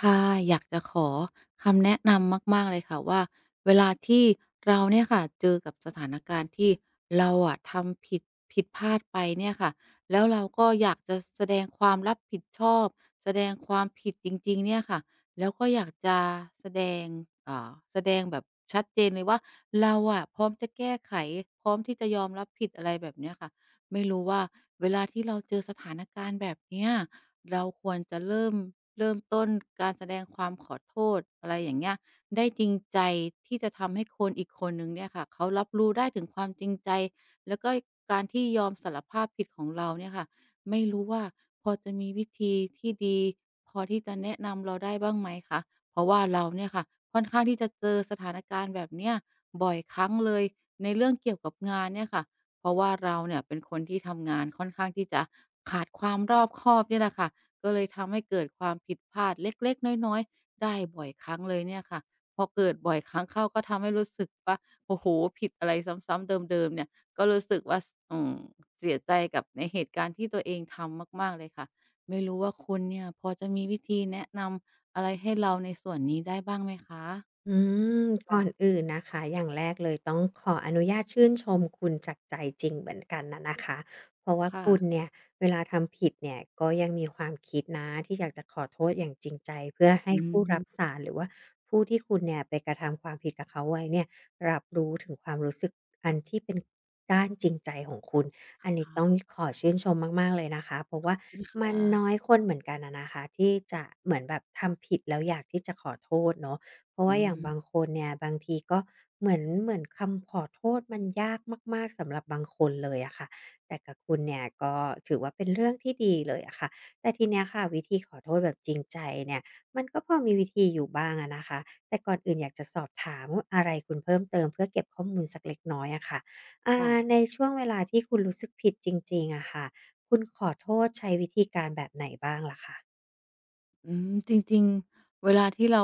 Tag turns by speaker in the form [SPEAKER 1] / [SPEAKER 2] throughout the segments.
[SPEAKER 1] ค่ะ อยากจะขอคำแนะนำมาก ๆ เลยค่ะว่า เวลาที่ เราเนี่ยค่ะเจอกับสถานการณ์ ที่เราอะทำผิด ผิดพลาดไปเนี่ยค่ะ แล้วเราก็อยากจะแสดงความรับผิดชอบ แสดงความผิดจริง ๆ เนี่ยค่ะ แล้วก็อยากจะ แสดง อ่า แสดงแบบชัดเจนเลยว่า เราอะพร้อมที่จะแก้ไข พร้อมที่จะยอมรับผิด อะไรแบบเนี้ยค่ะ ไม่รู้ว่าเวลาที่เราเจอสถานการณ์แบบเนี้ย เราควรจะเริ่ม เริ่มต้นการแสดงความ ขอโทษ อะไรอย่างเงี้ย ได้จริงใจที่จะทำให้คนอีกคนหนึ่งเนี่ยค่ะ เขารับรู้ได้ถึงความจริงใจ และก็การที่ยอมสารภาพผิด ของเราเนี่ยค่ะ ไม่รู้ว่าพอจะมีวิธีที่ดี พอที่จะแนะนำเราได้บ้างไหมคะ? เพราะว่าเราเนี่ยค่ะ ค่อนข้างที่จะเจอสถานการณ์แบบเนี้ยบ่อยครั้งเลย ในเรื่องเกี่ยวกับงานเนี่ยค่ะ เพราะว่าเราเนี่ยเป็นคนที่ทำงานค่อนข้างที่จะขาดความรอบคอบเนี่ยแหละค่ะ ก็เลยทำให้เกิดความผิดพลาดเล็ก ๆ น้อย ๆ ได้บ่อยครั้งเลยเนี่ยค่ะ พอเกิดบ่อยครั้งเข้าก็ทำให้รู้สึกว่า โอ้โฮ ผิดอะไรซ้ำ ๆ เดิม ๆ เนี่ย ก็รู้สึกว่า ส อืม เสียใจกับในเหตุการณ์ที่ตัวเองทำมาก ๆ เลยค่ะ ไม่รู้ว่าคุณเนี่ย พอจะมีวิธีแนะนำอะไรให้เราในส่วนนี้ได้บ้างไหมคะ?
[SPEAKER 2] อืม
[SPEAKER 1] ค
[SPEAKER 2] ก
[SPEAKER 1] ่
[SPEAKER 2] ่อน
[SPEAKER 1] ะ
[SPEAKER 2] อื่นนะคะ อย่างแรกเลยต้องขออนุญาตชื่นชมคุณจากใจจริงเหมือนกันน่ะนะคะ เพราะว่า
[SPEAKER 1] ค่
[SPEAKER 2] คุณ
[SPEAKER 1] ะ
[SPEAKER 2] เนี่ยเวลาทำผิดเนี่ย ก็ยัง มีความคิดนะที่อยากจะขอโทษอย่างจริงใจ เพื่อให
[SPEAKER 1] อื
[SPEAKER 2] ้ผู้รับส
[SPEAKER 1] ม
[SPEAKER 2] าส์น หรือว่าผู้ที่คุณเนี่ยไปกระทำความผิดกับเขาไว้เนี่ย รับรู้ถึงความรู้สึกอันที่เป็นด้านจริงใจของคุณ
[SPEAKER 1] ค
[SPEAKER 2] อันน
[SPEAKER 1] ค
[SPEAKER 2] ี้
[SPEAKER 1] ่
[SPEAKER 2] ต
[SPEAKER 1] ะ
[SPEAKER 2] ้องขอชื่นชมมาก ๆ เลยนะคะ เพราะ
[SPEAKER 1] ข
[SPEAKER 2] ว่
[SPEAKER 1] อ
[SPEAKER 2] า
[SPEAKER 1] บคุณค
[SPEAKER 2] มั
[SPEAKER 1] ่
[SPEAKER 2] นน
[SPEAKER 1] ะ
[SPEAKER 2] ้อยคนเหมือนกันอะนะคะ ที่จะเหมือนแบบทำผิดแล้ว อยากที่จะขอโทษเนาะ เพราะ
[SPEAKER 1] อ
[SPEAKER 2] ว่าอย่างบ
[SPEAKER 1] ืม
[SPEAKER 2] างคนเนี่ย บางทีก็เหมือน เหมือนคำขอโทษมันยากมาก ๆ สำหรับบางคนเลยอะค่ะ แต่กับคุณเนี่ย ก็ถือว่าเป็นเรื่องที่ดีเลยอะค่ะ แต่ที เนี้ยค่ะ วิธีขอโทษแบบจริงใจเนี่ย มันก็พอมีวิธีอยู่บ้างอะนะคะ แต่ก่อนอื่นอยากจะสอบถาม อ อะไรคุณเพิ่มเติม เพื่อเก็บข้อมูลสักเล็กน้อยอะค่ะ อ่า
[SPEAKER 1] ค่ะ
[SPEAKER 2] ในช่วงเวลาที่คุณรู้สึกผิดจริง ๆ อะค่ะ คุณ ขอโทษใช้วิธีการแบบไหนบ้างล่ะคะ?
[SPEAKER 1] อืม จริง ๆ เวลาที่เรา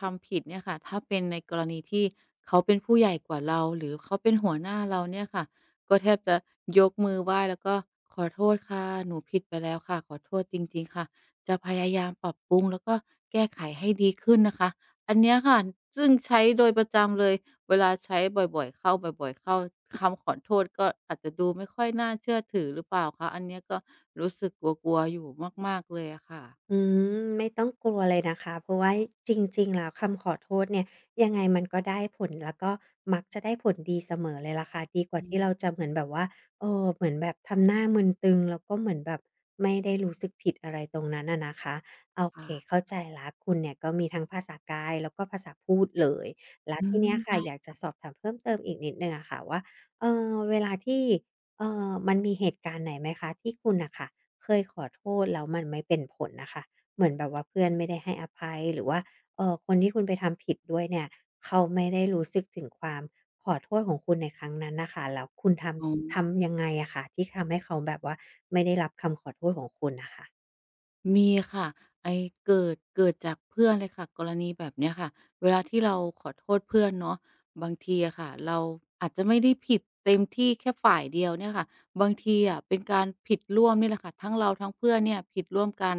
[SPEAKER 1] ทำผิดเนี่ยค่ะ ถ้าเป็นในกรณีที่เขาเป็นผู้ใหญ่กว่าเรา หรือเขาเป็นหัวหน้าเราเนี่ยค่ะ ก็แทบจะยกมือไหว้แล้วก็ "ขอโทษค่ะ หนูผิดไปแล้วค่ะ ขอโทษจริง ๆ ค่ะ จะพยายามปรับปรุง แล้วก็แก้ไขให้ดีขึ้นนะคะ" อันเนี้ยค่ะ ซึ่งใช้โดยประจำเลย เวลาใช้บ่อย ๆ เข้า บ่อย ๆ เข้า คำขอโทษก็อาจจะดูไม่ค่อยน่าเชื่อถือหรือเปล่าคะ? อันเนี้ยก็รู้สึกกลัว ๆ อยู่มาก ๆ เลยอะค่ะ
[SPEAKER 2] อืม ไม่ต้องกลัวเลยนะคะ เพราะว่าจริง ๆ แล้วคำขอโทษเนี่ย ยังไงมันก็ได้ผล แล้วก็มักจะได้ผลดีเสมอเลยแหละค่ะ ดีกว่า
[SPEAKER 1] อื
[SPEAKER 2] ที่เ
[SPEAKER 1] ม
[SPEAKER 2] ราจะเหมือนแบบว่า เอ่อ เหมือนแบบทำหน้ามึนตึง แล้วก็เหมือนแบบไม่ได้รู้สึกผิดอะไรตรงนั้นอะนะคะ โอ
[SPEAKER 1] ค
[SPEAKER 2] เ
[SPEAKER 1] ่
[SPEAKER 2] ค
[SPEAKER 1] ะ
[SPEAKER 2] เข้าใจแล้ว คุณเนี่ยก็มีทั้งภาษากาย แล้วก็ภาษาพูดเลย แล้ว
[SPEAKER 1] อื
[SPEAKER 2] ทีเน
[SPEAKER 1] ม
[SPEAKER 2] ี้ยค
[SPEAKER 1] ใช
[SPEAKER 2] ่
[SPEAKER 1] ่
[SPEAKER 2] ะ อยากจ
[SPEAKER 1] ค
[SPEAKER 2] ะ
[SPEAKER 1] ่ะ
[SPEAKER 2] สอบถามเพิ่มเติมอีกนิดหนึ่งอะค่ะว่า เอ่อ เวลาที่ เอ่อ มันมีเหตุการณ์ไหนไหมคะ ที่คุณน่ะค่ะเคยขอโทษแล้วมันไม่เป็นผลน่ะค่ะ? เหมือนแบบว่าเพื่อนไม่ได้ให้อภัย หรือว่า เอ่อ คนที่คุณไปทำผิดด้วยเนี่ย เขาไม่ได้รู้สึกถึงความขอโทษของคุณในครั้งนั้นน่ะค่ะ แล้วคุณท
[SPEAKER 1] อ๋
[SPEAKER 2] ำ ทำยั
[SPEAKER 1] อ
[SPEAKER 2] งไงอะคะ ที่ทำให้เขาแบบว่า ไม่ได้รับคำขอโทษของคุณน่ะค่ะ?
[SPEAKER 1] มี ค่ะไอ้เกิด เกิดจากเพื่อนเลยค่ะ กรณีแบบ เนี้ยค่ะ เวลาที่เราขอโทษเพื่อนเนาะ บางทีอะค่ะ เราอาจจะไม่ได้ผิด เต็มที่แค่ฝ่ายเดียวเนี่ยค่ะ บางทีอะ เป็นการผิดร่วมนี่แหละค่ะ ทั้งเราทั้งเพื่อนเนี่ยผิดร่วมกัน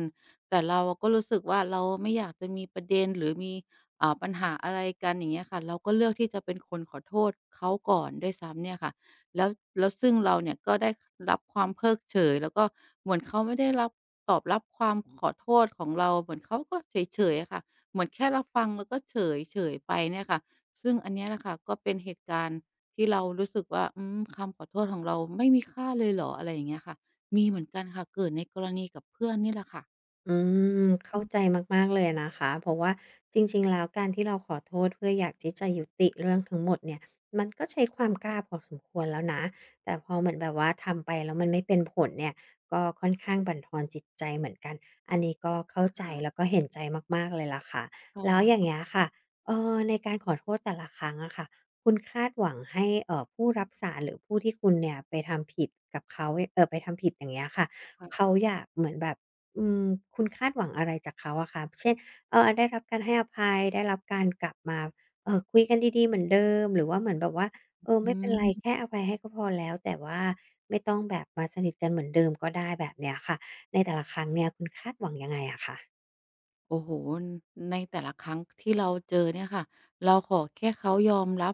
[SPEAKER 1] แต่เราอะก็รู้สึกว่า เราอะ ไม่อยากจะมีประเด็นหรือมี เอ่อ ปัญหาอะไรกัน อย่างเงี้ยค่ะ เราก็เลือกที่จะเป็นคนขอโทษเขาก่อนด้วย ซ้ำเนี่ย ค่ะ แล้ว แล้วซึ่งเราเนี่ยก็ได้ ค รับความเพิกเฉย แล้วก็เหมือนเขาไม่ได้รับ ตอบรับความ ขอโทษของเรา เหมือนเขาก็เฉย ๆ อะค่ะ เหมือนแค่รับฟัง แล้วก็เฉย เฉยไปเนี่ยค่ะ ซึ่งอันเนี้ยแหละค่ะ ก็เป็นเหตุการณ์ที่เรารู้สึกว่า อืม คำขอโทษของเราไม่มีค่าเลยเหรอ? อะไรอย่างเงี้ยค่ะ มีเหมือนกันค่ะ เกิดในกรณีกับ เพื่อนนี่แหละค่ะ
[SPEAKER 2] อืม เข้าใจมาก ๆ เลยอะนะคะ เพราะว่าจริง ๆ แล้ว การที่เราขอโทษเพื่ออยากที่จะยุติเรื่องทั้งหมดเนี่ย มันก็ใช้ความกล้าพอสมควรแล้วนะ แต่พอเหมือนแบบว่า ทำไปแล้วมันไม่เป็นผลเนี่ย ก็ค่อนข้างบั่นทอนจิตใจเหมือนกัน อันนี้ก็เข้าใจ
[SPEAKER 1] ขา
[SPEAKER 2] แล้วก็เห็นใจมาก ๆ เลยล่ะค่ะ
[SPEAKER 1] ค่ะ
[SPEAKER 2] แล้วอย่
[SPEAKER 1] ข
[SPEAKER 2] าง
[SPEAKER 1] อ
[SPEAKER 2] เ
[SPEAKER 1] บ
[SPEAKER 2] งี้ยค่ะ เอ่อ ในการขอโทษแต่ละครั้งอะค่ะ คุณคาดหวังให้ เอ่อ ผู้รับสาส์น หรือผู้ที่คุณเนี่ยไปทำผิดกับเขาเนี่ย เอ่อ ไปทำผิดอย่างเงี้ยค่ะ เขาอยากเหมือนแบบ อืม คุณคาดหวังอะไรจากเขาอะคะ เช่น เออ ได้รับการให้อภัย ได้รับการกลับมา เอ่อ คุยกันดี ๆ เหมือนเดิม หรือว่าเหมือนแบบว่า
[SPEAKER 1] อ
[SPEAKER 2] เออ
[SPEAKER 1] อ
[SPEAKER 2] ไ
[SPEAKER 1] ื
[SPEAKER 2] ม่เป็นไร
[SPEAKER 1] ม
[SPEAKER 2] แค่อภัยให้ก็พอแล้ว แต่ว่าไม่ต้องแบบมาสนิทกันเหมือนเดิมก็ได้แบบเนี้ยค่ะ ในแต่ละครั้งเนี่ยคุณคาดหวังยังไงอะคะ?
[SPEAKER 1] โอ้โฮ อ ในแต่ละครั้งที่เราเจอเนี่ยค่ะ เราขอแค่เขา ยอมรับ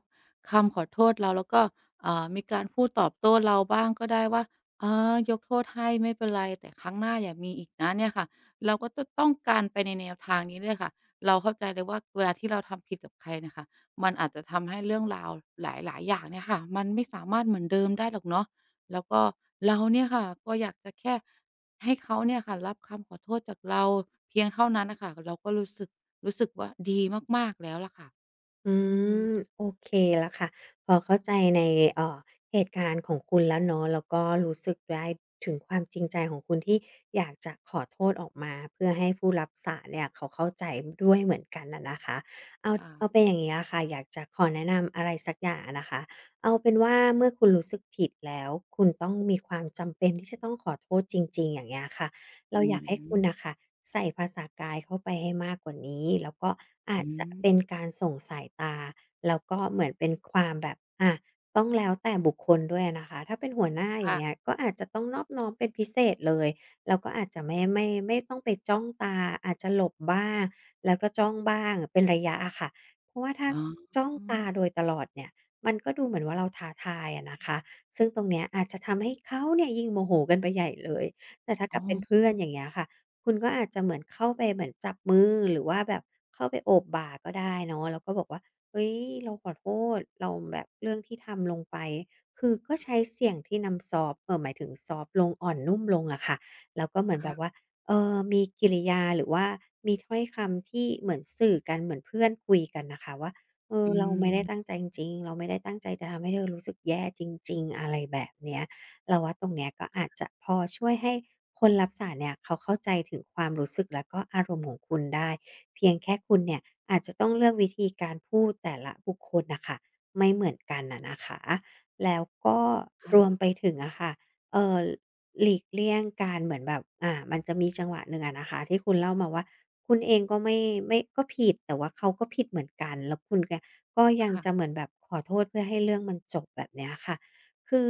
[SPEAKER 1] คำขอโทษเรา แล้วก็ อ่า มีการพูดตอบโต้เราบ้างก็ได้ว่า "เออ ยกโทษให้ไม่เป็นไร แต่ครั้งหน้าอย่ามีอีกนะ" เนี่ยค่ะ เราก็จะต้องการ ไปในแนวทางนี้ด้วยค่ะ เราเข้าใจเลยว่า เวลาที่เราทำผิดกับใครเนี่ยค่ะ มันอาจจะทำให้เรื่องราวหลาย ๆ อย่างเนี่ยค่ะ มันไม่สามารถเหมือนเดิมได้หรอกเนาะ แล้วก็เราเนี่ย ค่ะ ก็อยากจะแค่ให้เขาเนี่ยค่ะ รับคำขอโทษจากเรา เพียงเท่านั้นน่ะค่ะ ก เราก็รู้สึก รู้สึกว่าดีมาก ๆ แล้วแหละค่ะ
[SPEAKER 2] อื
[SPEAKER 1] อืม
[SPEAKER 2] ม โอเคแล้วค่ะ พอเข้าใจใน เอ่อ เหตุการณ์ของคุณแล้วเนาะ แล้วก็รู้ สึกได้ถึงความจริงใจของคุณ ที่อยากจะขอโทษออกมา เพื่อให้ผู้รับสารเนี่ยเขาเข้าใจ น ด้วยเหมือนกันน่ะนะคะ เอา
[SPEAKER 1] ค่
[SPEAKER 2] เอา
[SPEAKER 1] ะ
[SPEAKER 2] เป็นอย่างเงี้ยอะค่ะ อยากจะขอแนะนำ อะไรสักอย่างอะนะคะ เอาเป็นว่าเมื่อคุณรู้สึกผิดแล้ว คุณต้องมีความจำเป็นที่จะต้องขอโทษจริง ๆ อย่างเงี้ยค่ะ เร
[SPEAKER 1] อ
[SPEAKER 2] า
[SPEAKER 1] ื
[SPEAKER 2] อยากให้คุณ
[SPEAKER 1] ม
[SPEAKER 2] น่ะค่ะ ใส่ภาษากายเข้าไปให้มากกว่านี้ แล้วก็อา
[SPEAKER 1] อ
[SPEAKER 2] จ
[SPEAKER 1] ื
[SPEAKER 2] จะ
[SPEAKER 1] ม
[SPEAKER 2] เป็นการส่งสายตา แล้วก็เหมือนเป็นความแบบ อะ ต้องแล้วแต่บุคคลด้วยอะนะคะ ถ้าเป็นหัวหน้าอย
[SPEAKER 1] ค
[SPEAKER 2] ่า
[SPEAKER 1] ่ะ
[SPEAKER 2] งเงี้ย ก็อาจจะต้องนอบน้อมเป็นพิเศษเลย เราก็อาจจะไม่ ไม่ ไม่ต้องไปจ้องตา อาจจะหลบบ้าง แล้วก็จ้องบ้าง เป็นระยะอะค่ะ เพราะว่าถ้า
[SPEAKER 1] อ๋
[SPEAKER 2] จ้องตา
[SPEAKER 1] อ
[SPEAKER 2] โดยตลอดเนี่ย มันก็ดูเหมือนว่าเราท้าทายอะนะคะ ซึ่งตรงเนี้ยอาจจะทำให้เขาเนี่ย ยิ่งโมโหกันไปใหญ่เลย แต่ถ้า
[SPEAKER 1] อ
[SPEAKER 2] ก
[SPEAKER 1] ๋
[SPEAKER 2] ับเป็นเพื่อน
[SPEAKER 1] อ
[SPEAKER 2] อย่างเงี้ยค่ะ คุณก็อาจจะเหมือนเข้าไปเหมือนจับมือ หรือว่าแบบเข้าไปโอบบ่าก็ได้เนาะ แล้วก็บอกว่า "เฮ้ย เราขอโทษ เราแบบ เรื่องที่ทำลงไป" คือก็ใช้เสียงที่น้ำซอฟต์ เอ่อ หมายถึงซอฟต์ลง อ่อนนุ่มลงอะค่ะ แล้วก็เหมือ
[SPEAKER 1] ค
[SPEAKER 2] นแบ
[SPEAKER 1] ่
[SPEAKER 2] บ
[SPEAKER 1] ะ
[SPEAKER 2] ว่า เอ่อ มีกิริยา หรือว่ามีถ้อยคำที่เหมือนสื่อกันเหมือนเพื่อนคุยกันน่ะค่ะว่า "เอ
[SPEAKER 1] อ
[SPEAKER 2] อ เราไม่ได้
[SPEAKER 1] ืม
[SPEAKER 2] ตั้งใจจริง ๆ เราไม่ได้ตั้งใจจะทำให้เธอรู้สึกแย่จริง ๆ" อะไรแบบเนี้ย เราว่าตรงเนี้ยก็อาจจะพอช่วยให้คนรับสารส์นเนี่ย เขาเข้าใจถึงความรู้สึกและก็อารมณ์ของคุณได้ เพียงแค่คุณเนี่ย อาจจะต้องเลือกวิธีการพูดแต่ละบุคคลน่ะค่ะ ไม่เหมือนกันน่ะนะคะ แล้วก็
[SPEAKER 1] ค่
[SPEAKER 2] รว
[SPEAKER 1] ะ
[SPEAKER 2] มไปถึงอะค่ะ เอ่อ หลีกเลี่ยงการเหมือนแบบ อ่า มันจะมีจังหวะหนึ่งอะนะคะ ที่คุณเล่ามาว่า คุณเองก็ไม่ ไม่ ก็ผิด แต่ว่าเขาก็ผิดเหมือนกัน แล้วคุณ ก ก็ยั
[SPEAKER 1] ค
[SPEAKER 2] ง
[SPEAKER 1] ่
[SPEAKER 2] จ
[SPEAKER 1] ะ
[SPEAKER 2] ะเหมือนแบบขอโทษเพื่อให้เรื่องมันจบ แบบเนี้ยค่ะ คือ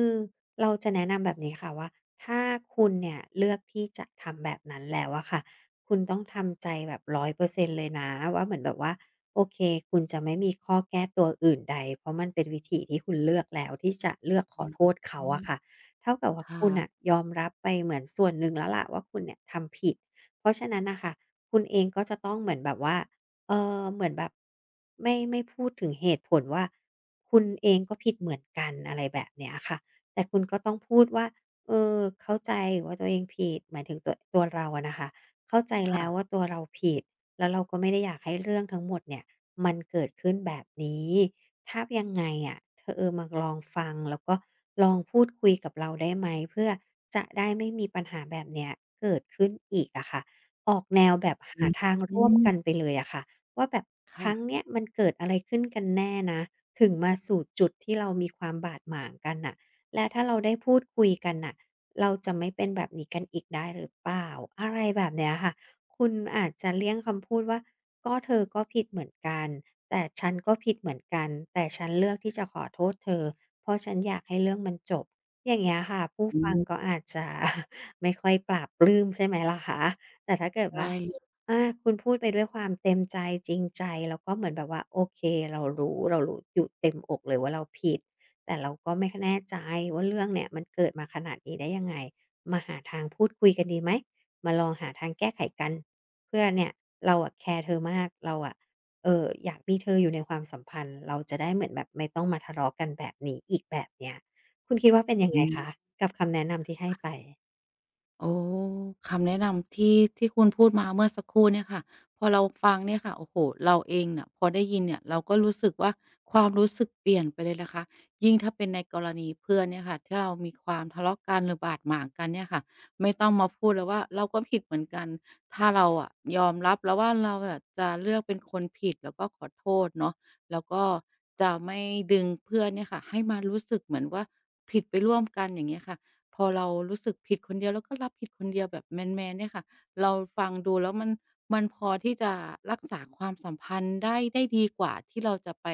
[SPEAKER 2] เราจะแนะนำแบบนี้ค่ะว่า ถ้าคุณเนี่ยเลือกที่จะทำแบบนั้นแล้วอะค่ะ คุณต้องทำใจแบบ 100% เลยนะว่า เหมือนแบบว่า โอเค คุณจะไม่มีข้อแก้ตัวอื่นใด เพราะมันเป็นวิถีที่คุณเลือกแล้ว ที่จะเลือกข
[SPEAKER 1] อื
[SPEAKER 2] อโทษเขาอะ
[SPEAKER 1] ม
[SPEAKER 2] ค่ะ เท่ากับว่
[SPEAKER 1] ค
[SPEAKER 2] า
[SPEAKER 1] ่
[SPEAKER 2] คุณน่
[SPEAKER 1] ะ
[SPEAKER 2] ะยอมรับไปเหมือนส่วนหนึ่งแล้วแหละว่า คุณเนี่ยทำผิด เพราะฉะนั้นน่ะค่ะ คุณเองก็จะต้องเหมือนแบบว่า เอ่อ เหมือนแบบไม่ ไม่พูดถึงเหตุผลว่า คุณเองก็ผิดเหมือนกัน อะไรแบบเนี้ยค่ะ แต่คุณก็ต้องพูดว่า "เออ เข้าใจว่าตัวเองผิด" หมายถึงตัว ตัวเราอะนะคะ เข้าใจ
[SPEAKER 1] ค
[SPEAKER 2] แล
[SPEAKER 1] ่
[SPEAKER 2] ้
[SPEAKER 1] ะ
[SPEAKER 2] วว่าตัวเราผิด แล้วเราก็ไม่ได้อยากให้เรื่องทั้งหมดเนี่ย มันเกิดขึ้นแบบนี้ ถ้ายังไงอะ ธ เออมาลองฟัง แล้วก็ลองพูดคุยกับเราได้ไหม? เพื่อจะได้ไม่มีปัญหาแบบเนี้ยเกิดขึ้นอีกอะค่ะ ออกแนวแบบห
[SPEAKER 1] อื
[SPEAKER 2] า
[SPEAKER 1] อ
[SPEAKER 2] ทาง
[SPEAKER 1] ฮ
[SPEAKER 2] ร่วมก
[SPEAKER 1] ึ
[SPEAKER 2] ันไปเลยอะค่ะว่า แบบ
[SPEAKER 1] ค
[SPEAKER 2] ค
[SPEAKER 1] ่
[SPEAKER 2] รั้
[SPEAKER 1] ะ
[SPEAKER 2] งเนี้ยมันเกิดอะไรขึ้นกันแน่นะ ถึงมาสู่จุดที่เรามีความบาดหมางกันน่ะ และถ้าเราได้พูดคุยกันน่ะ เราจะไม่เป็นแบบนี้กันอีกได้หรือเปล่า? อะไรแบบเนี้ยค่ะ คุณอาจจะเลี่ยงคำพูดว่า "ก็เธอก็ผิดเหมือนกัน แต่ฉันก็ผิดเหมือนกัน แต่ฉันเลือกที่จะขอโทษเธอ เพราะฉันอยากให้เรื่องมันจบ" อย่างเงี้ยค่ะ ผู้
[SPEAKER 1] อื
[SPEAKER 2] ฟัง
[SPEAKER 1] ม
[SPEAKER 2] ก็อาจจะ ไม่ค่อยปลาบปลื้ม ใช่ไหมล่ะคะ แต่ถ้าเกิด
[SPEAKER 1] ได
[SPEAKER 2] ว่า
[SPEAKER 1] ้ ค
[SPEAKER 2] อ
[SPEAKER 1] ่ะ
[SPEAKER 2] ่า คุณพูดไปด้วยความเต็มใจ จริงใจ แล้วก็เหมือนแบบว่า โอเค เรารู้ เรารู้อยู่เต็มอกเลยว่าเราผิด แต่เราก็ไม่ ค แน่ใจว่า เรื่องเนี่ยมันเกิดมาขนาดนี้ได้ยังไง? มาหาทางพูดคุยกันดีไหม? มาลองหาทางแก้ไขกัน เพื่อเนี่ย "เราอะแคร์เธอมาก เราอะ เอ่อ อยากมีเธออยู่ในความสัมพันธ์ เราจะได้เหมือนแบบไม่ต้องมาทะเลาะกันแบบนี้อีก" แบบเนี้ย คุณคิดว่าเป็นยัง
[SPEAKER 1] อ
[SPEAKER 2] ไ
[SPEAKER 1] ื
[SPEAKER 2] งค
[SPEAKER 1] ม
[SPEAKER 2] ะ กับคำแนะนำที่ให้
[SPEAKER 1] ค่
[SPEAKER 2] ไป?
[SPEAKER 1] ะ โอ้ คำแนะนำ ที่ ที่คุณพูดมาเมื่อสักครู่เนี่ยค่ะ พอเราฟังเนี่ยค่ะ โอ้โฮ! เราเองน่ะพอได้ยินเนี่ย เราก็รู้สึกว่า ความรู้สึก เปลี่ยนไปเลยนะคะ ยิ่งถ้าเป็นในกรณีเพื่อนเนี่ยค่ะ ถ้าเรามี ความ ทะเลาะกันหรือบาดหมางกันเนี่ยค่ะ ไม่ต้องมาพูดเลยว่า เราก็ผิดเหมือนกัน ถ้าเราอะยอมรับแล้วว่า เราอะจะเลือกเป็นคนผิด แล้วก็ขอโทษเนาะ แล้วก็จะไม่ดึงเพื่อนเนี่ยค่ะ ให้มารู้สึกเหมือนว่า ผิด ไปร่วมกัน อย่างเงี้ยค่ะ พอเรารู้สึกผิดคนเดียว เราก็ รับผิดคนเดียวแบบแมน ๆ เนี่ยค่ะ เราฟังดูแล้วมัน มันพอที่จะ รักษาความสัมพันธ์ได้ ได้ดีกว่าที่เราจะไป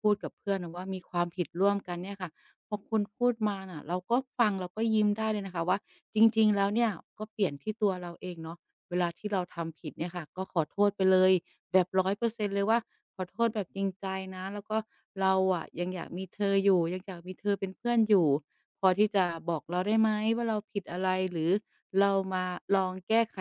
[SPEAKER 1] พูดกับเพื่อนนะว่า มีความ ผิดร่วมกัน เนี่ยค่ะ พอคุณพูดมาน่ะ เราก็ฟัง เราก็ยิ้มได้เลยนะคะว่า จริง ๆ แล้วเนี่ย ก็เปลี่ยนที่ตัวเราเองเนาะ เวลาที่เราทำผิดเนี่ยค่ะ ก็ขอโทษไปเลยแบบ 100 % เลยว่า "ขอโทษแบบจริงใจนะ แล้วก็เราอะยังอยากมีเธออยู่ ยังอยากมีเธอเป็นเพื่อนอยู่ พอที่จะบอกเราได้ไหม ว่า เราผิดอะไร? หรือเรามาลองแก้ไข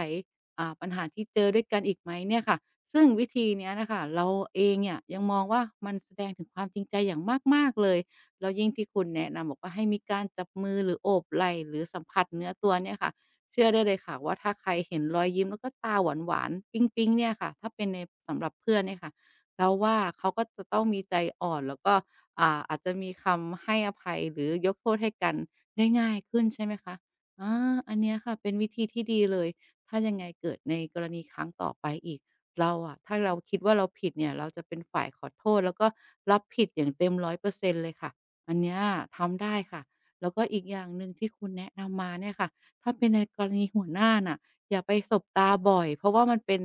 [SPEAKER 1] อ่า ปัญหาที่เจอด้วยกันอีกไหม?" เนี่ยค่ะ ซึ่งวิธีเนี้ยน่ะค่ะ เราเองเนี่ยยังมองว่า มันแสดงถึงความจริงใจอย่างมาก ๆ เลย แล้วยิ่งที่คุณแนะนำบอกว่า ให้มีการจับมือ หรือโอบไหล่ หรือสัมผัสเนื้อตัว เนี่ยค่ะ เชื่อได้เลยค่ะว่า ถ้าใครเห็นรอยยิ้มแล้วก็ตาหวาน ๆ ปิ๊ง ๆ เนี่ยค่ะ ถ้าเป็นใน สำหรับเพื่อนเนี่ยค่ะ เราว่า เขาก็จะต้องมีใจอ่อน แล้วก็ อ่า อาจจะมีคำให้อภัยหรือยกโทษให้กันได้ง่ายขึ้น ใช่ไหมคะ อา อันเนี้ยค่ะเป็นวิธีที่ดีเลย ถ้ายังไงเกิดในกรณี ครั้งต่อไปอีก เราอะ ถ้าเราคิดว่าเราผิดเนี่ย เราจะเป็นฝ่ายขอโทษแล้วก็รับผิดอย่างเต็ม 100% เลยค่ะ อันเนี้ยทำได้ค่ะ แล้วก็อีกอย่างหนึ่งที่คุณแนะนำมาเนี่ยค่ะ ถ้าเป็นในกรณีหัวหน้าน่ะ อย่าไปสบตาบ่อย เพราะว่ามันเป็น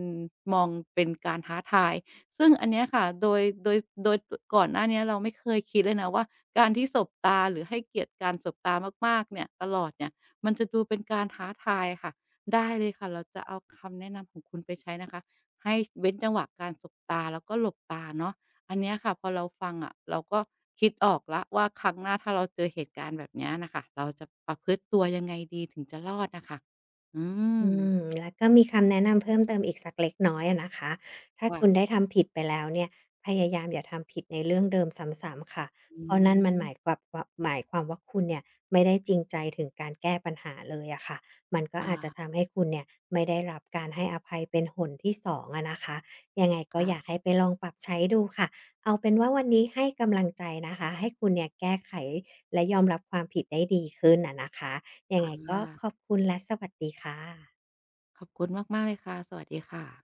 [SPEAKER 1] มอง เป็นการท้าทาย ซึ่งอันเนี้ยค่ะ โดย โดย ส โดย ก่อนหน้าเนี้ย เราไม่เคย คิดเลยนะว่า การที่สบตาหรือให้เกียรติการสบตามาก ๆ เนี่ย ตลอดเนี่ย มันจะดูเป็นการท้าทายอะค่ะ ได้เลยค่ะ เราจะเอาคำแนะนำของคุณไปใช้ นะคะ ให้ ช เว้นจังหวะการสบตา แล้วก็หลบตาเนาะ อันเนี้ยค่ะ พอเราฟังอะ เราก็คิดออกแล้วว่าครั้งหน้า ถ้าเราเจอเหตุการณ์แบบเนี้ยน่ะค่ะ เราจะประพฤติตัว ยังไงดีถึงจะรอดน่ะค่ะ อื
[SPEAKER 2] อื
[SPEAKER 1] ม
[SPEAKER 2] ม และก็มีคำแนะนำเพิ่มเติมอีกสักเล็กน้อยอะนะคะ ถ้าคุณ
[SPEAKER 1] ว
[SPEAKER 2] ได้ทำผิดไปแล้วเนี่ย พยายามอย่าทำผิดในเรื่องเดิมซ้ำ ๆ ค่ะ
[SPEAKER 1] อื
[SPEAKER 2] เพราะนั่นมันหมา
[SPEAKER 1] ม
[SPEAKER 2] ยขวับวับ หมายความว่า คุณเนี่ยไม่ได้จริงใจถึงการแก้ปัญหาเลยอะค่ะ มันก็
[SPEAKER 1] อ
[SPEAKER 2] อาจจะ
[SPEAKER 1] า
[SPEAKER 2] ทำให้คุณเนี่ยไม่ได้รับการให้อภัยเป็นหนที่ 2 อะนะคะ ยังไงก็
[SPEAKER 1] ค่
[SPEAKER 2] อยา
[SPEAKER 1] ะ
[SPEAKER 2] กให้ไป ลองปรับใช้ดูค่ะ เอาเป็นว่าวันนี้ให้กำลังใจนะคะ ให้คุณเนี่ยแก้ไข และ ยอมรับความผิดได้ดีขึ้นอะนะคะ ยัง
[SPEAKER 1] อ
[SPEAKER 2] ไงก็
[SPEAKER 1] า
[SPEAKER 2] ขอบคุณและสวัสดีค่ะ
[SPEAKER 1] ขอบคุณมาก ๆ เลยค่ะ สวัสดีค่ะ